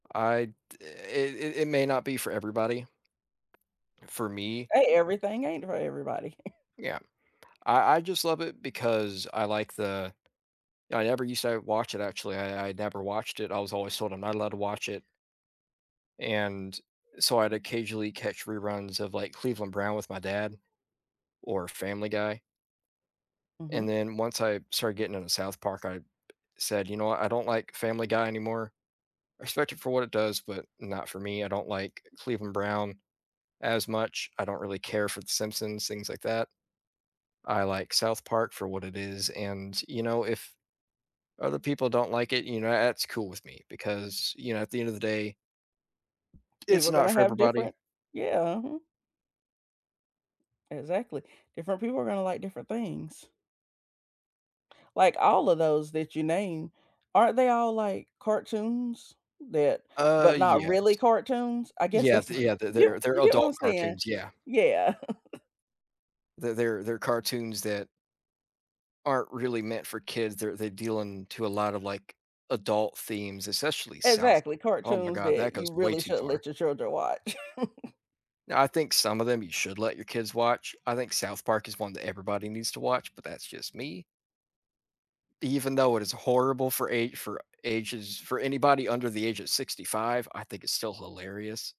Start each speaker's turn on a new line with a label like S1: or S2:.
S1: I it it it may not be for everybody. For me
S2: Hey, everything ain't for everybody.
S1: Yeah, I I just love it because I like the I ever used to, uh, watch it actually. I I never watched it. I was always told I'm not allowed to watch it and so I'd occasionally catch reruns of, like, Cleveland Brown with my dad, or Family Guy and
S2: Mhm.
S1: then once I started getting into South Park, I said, "You know what? I don't like Family Guy anymore." I respect it for what it does, but not for me. I don't like Cleveland Brown as much. I don't really care for The Simpsons, things like that. I like South Park for what it is, and you know, if other people don't like it, you know, that's cool with me because you know, at the end of the day, it's
S2: People are
S1: not
S2: gonna
S1: for
S2: have
S1: everybody.
S2: different yeah, mhm. Exactly, different people are gonna like different things. Like, all of those that you named, aren't they all, like, cartoons that
S1: Uh,
S2: but, not
S1: yes.
S2: really cartoons? I guess
S1: Yeah
S2: that's
S1: th
S2: what
S1: yeah,
S2: you
S1: they're they're
S2: you get what I'm
S1: adult
S2: saying?
S1: cartoons, yeah.
S2: Yeah.
S1: They they're they're cartoons that aren't really meant for kids. They're they're dealing to a lot of, like, adult themes, especially South
S2: Exactly,
S1: Park. Oh, my
S2: cartoons
S1: God, that
S2: that
S1: goes
S2: you
S1: way
S2: really
S1: too
S2: shouldn't
S1: far.
S2: let your children watch.
S1: I think some of them you should let your kids watch. I think South Park is one that everybody needs to watch, but that's just me. Even though it is horrible for a for ages, for anybody under the age of 65, I think it's still hilarious.